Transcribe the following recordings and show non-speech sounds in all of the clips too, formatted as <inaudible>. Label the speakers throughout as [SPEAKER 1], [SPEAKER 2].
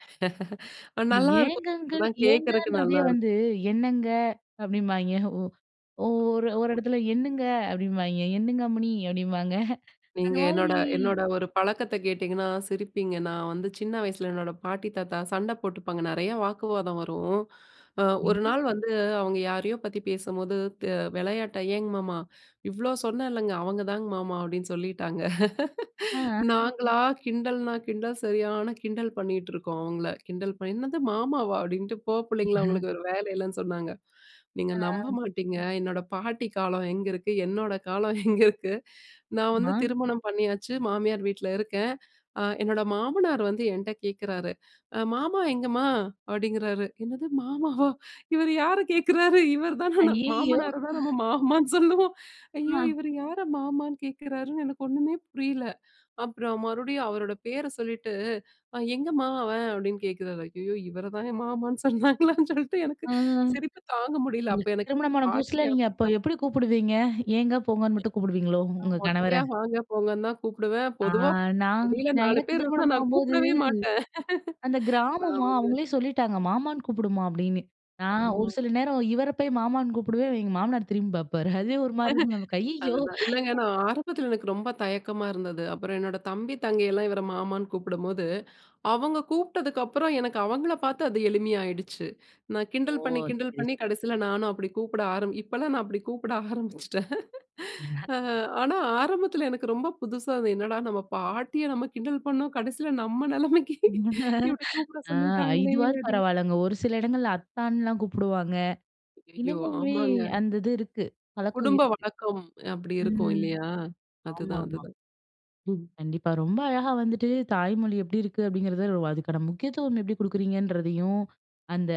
[SPEAKER 1] <laughs> நல்லா இருக்கும்.
[SPEAKER 2] ஏங்கங்க,
[SPEAKER 1] ஒருமாரி கேட்கறதுக்கே
[SPEAKER 2] ஏங்கன்றதே
[SPEAKER 1] நல்லா இருக்கும்.
[SPEAKER 2] வந்து "என்னங்க" அப்படீம்பாய்ன்க. ஒ ஒ ஒரு ஒரு
[SPEAKER 1] <unintelligible>
[SPEAKER 2] எடத்துல, "எண்ணுங்க" அப்படீம்பாய்ன்க. "எண்ணுங்கம்மணி!" அப்படிம்பாங்க. <chuckles> அந்த
[SPEAKER 1] நீங்க என்னோட,
[SPEAKER 2] மாதிரி
[SPEAKER 1] என்னோட ஒரு பழக்கத்தை கேட்டீங்கன்னா சிரிப்பீங்க. நான் வந்து சின்ன வயசுல "என்னோட பாட்டி, தாத்தா சண்டை போட்டுப்பாங்க. நெறைய வாக்குவாதம் வரும்." அ ஒரு
[SPEAKER 2] ம்ஹ்ம்.
[SPEAKER 1] நாள் வந்து அவுங்க யாரையோ பத்தி பேசும்போது, தி விளையாட்டா "ஏங்க மாமா! இவ்வளோ சொன்னேன் இல்லைங்க, அவங்க தாங்க மாமா" அப்படீன்னு சொல்லிட்டாங்க. <laughs>
[SPEAKER 2] அ.
[SPEAKER 1] நாங்களா கிண்டல்ன்னா கிண்டல், சரியான கிண்டல் பண்ணீட்டுருக்கோம் அவங்கள. கிண்டல் பண்ணி, "என்னது மாமாவா?" அப்படீன்ட்டு, போ புள்ளைங்களா
[SPEAKER 2] <chuckles>
[SPEAKER 1] உங்களுக்கு வேற வேலை இல்லைன்னு சொன்னாங்க. நீங்க நம்ப
[SPEAKER 2] அ.
[SPEAKER 1] மாட்டீங்க, என்னோட பாட்டி காலம் எங்க இருக்கு, என்னோட காலம் எங்க இருக்கு. நான் வந்து
[SPEAKER 2] ஆமா.
[SPEAKER 1] திருமணம் பண்ணியாச்சு. மாமியார் வீட்ல இருக்கேன். ஆ என்னோட மாமனார் வந்து என்ட்ட கேட்கிறாரு, "அ மாமா எங்கம்மா?" அப்படீங்கிறாரு. என்னது மாமாவா? இவர் யாரை கேட்குறாரு? இவர் தான ந
[SPEAKER 2] அய்யயோ!
[SPEAKER 1] மாமனாரை தான் நம்ம மாமான்னு சொல்லுவோம். ஐயோ!
[SPEAKER 2] அ.
[SPEAKER 1] இவர் யாரை மாமான்னு கேட்கிறார்ன்னு எனக்கு ஒன்னுமே புரியல. அப்பறம் மறுபடியும் அவரோட பேர சொல்லிட்டு, "அ எங்கம்மா அவன்?" அப்படீன்னு கேட்கிறாரு. ஐயயோ! இவரை தான மாமான்னு சொன்னாங்களான்னு சொல்ட்டு எனக்கு
[SPEAKER 2] அ.
[SPEAKER 1] சிரிப்பு தாங்க முடியல. அப்ப
[SPEAKER 2] உங்களுக்கு
[SPEAKER 1] எனக்கு
[SPEAKER 2] திருமணமான
[SPEAKER 1] பாட்டி
[SPEAKER 2] புதுசுல நீங்க
[SPEAKER 1] ஞாபகம்
[SPEAKER 2] அப்போ
[SPEAKER 1] தான் வந்தது.
[SPEAKER 2] எப்படி கூப்பிடுவீங்க? ஏங்க, போங்கன்னு மட்டும் கூப்பிடுவீங்களோ?
[SPEAKER 1] நான்
[SPEAKER 2] உங்கள் கணவரை.
[SPEAKER 1] மொட்டையா வாங்க, போங்கன்னு தான் கூப்பிடுவேன்.
[SPEAKER 2] ஆ
[SPEAKER 1] பொதுவா
[SPEAKER 2] நான்
[SPEAKER 1] வெளியில 4
[SPEAKER 2] எனக்கு
[SPEAKER 1] பேர் இருந்தா
[SPEAKER 2] திருமணம்
[SPEAKER 1] நான்
[SPEAKER 2] ஆகும்போது,
[SPEAKER 1] கூப்பிடவே மாட்டேன்.
[SPEAKER 2] அந்த
[SPEAKER 1] <laughs> நான்
[SPEAKER 2] கிராமமா
[SPEAKER 1] வந்து
[SPEAKER 2] அவங்களே சொல்லிட்டாங்க, "மாமான்னு கூப்புடுமா." அப்படீன்னு. நான் ஒரு
[SPEAKER 1] ஆமா.
[SPEAKER 2] சில நேரம் இவரை போய் மாமான்னு கூப்பிடுவேன். எங்க மாமனார் திரும்பி பார்ப்பாரு. அதுவே ஒரு மாரி இருக்கும். நமக்கு
[SPEAKER 1] <laughs>
[SPEAKER 2] ஐயயோ!
[SPEAKER 1] அதுதான். இல்லைங்க, நான் ஆரம்பத்தில எனக்கு ரொம்ப தயக்கமா இருந்தது. அப்பறம் என்னோட தம்பி, தங்கையெல்லாம் இவரை மாமான்னு கூப்பிடும்போது, அவங்க கூப்பிட்டதுக்கப்பறம் எனக்கு அவங்கள்ல பார்த்து அது எளிமையா ஆயிடுச்சு. நான்
[SPEAKER 2] ஓ!
[SPEAKER 1] கிண்டல் பண்ணி, கிண்டல்
[SPEAKER 2] சரி,
[SPEAKER 1] பண்ணி
[SPEAKER 2] சரி.
[SPEAKER 1] கடைசியில நானும் அப்படி கூப்பிட ஆரம்பி இப்பல்லாம் நான் அப்படி கூப்பிட ஆரம்பிச்சுட்டேன். <laughs>
[SPEAKER 2] <chuckles>
[SPEAKER 1] அ ஆனா ஆரம்பத்தில எனக்கு ரொம்ப புதுசா, "இது என்னடா நம்ம பாட்டிய நம்ம கிண்டல் பண்ணோம், கடைசியில நம்ம நெலைமைக்கு <laughs> இப்படி
[SPEAKER 2] <laughs>
[SPEAKER 1] கூப்பிட
[SPEAKER 2] அ
[SPEAKER 1] சொல்லிட்டாங்களே."
[SPEAKER 2] இதுவாது
[SPEAKER 1] அப்படீன்னு.
[SPEAKER 2] பரவால்லங்க. ஒரு சில இடங்கள்ல அத்தான்ல்லாம் கூப்புடுவாங்க.
[SPEAKER 1] ஐயயோ!
[SPEAKER 2] இன்னமுமே
[SPEAKER 1] ஆமாங்க.
[SPEAKER 2] அந்த இது இருக்கு. பழக்கம்
[SPEAKER 1] குடும்ப
[SPEAKER 2] இருக்கு.
[SPEAKER 1] வழக்கம். அப்படி இருக்கும்
[SPEAKER 2] ம்.
[SPEAKER 1] இல்லையா? அதுதான்,
[SPEAKER 2] ஆமாமா.
[SPEAKER 1] அதுதான். ம்.
[SPEAKER 2] கண்டிப்பா. ரொம்ப அழகா வந்துட்டு "தாய்மொழி எப்படி இருக்கு?" அப்படீங்கிறது ஒ அதுக்கான முக்கியத்துவம் எப்படி குடுக்குறீங்கன்றதையும், "அந்த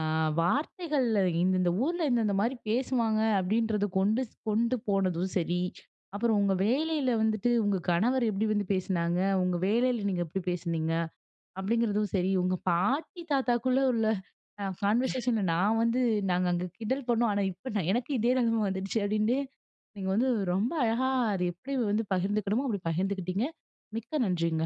[SPEAKER 2] அ வார்த்தைகள் இந்தந்த ஊர்ல இந்தந்த மாரி பேசுவாங்க." அப்படீன்றத கொண்டு ஸ் கொண்டு போனதும் சரி, "அப்பறம் உங்க வேலையில வந்துட்டு உங்க கணவர் எப்படி வந்து பேசுனாங்க, உங்க வேலையில நீங்க எப்படி பேசுனீங்க." அப்படீங்கிறதும் சரி, "உங்க பாட்டி தாத்தாவுக்குள்ள உள்ள அ
[SPEAKER 1] <sneezes>
[SPEAKER 2] கான்வர்சேஷன்ல நான் வந்து நாங்க அங்க கிண்டல் பண்ணோம், ஆனா இப்ப நான் எனக்கு இதே நெலைமை வந்துட்ச்சு." அப்படீன்டு நீங்க வந்து ரொம்ப அழகா அத எப்படி வந்து பகிர்ந்துக்கணுமோ, அப்படி பகிர்ந்துக்கிட்டீங்க. மிக்க நன்றிங்க.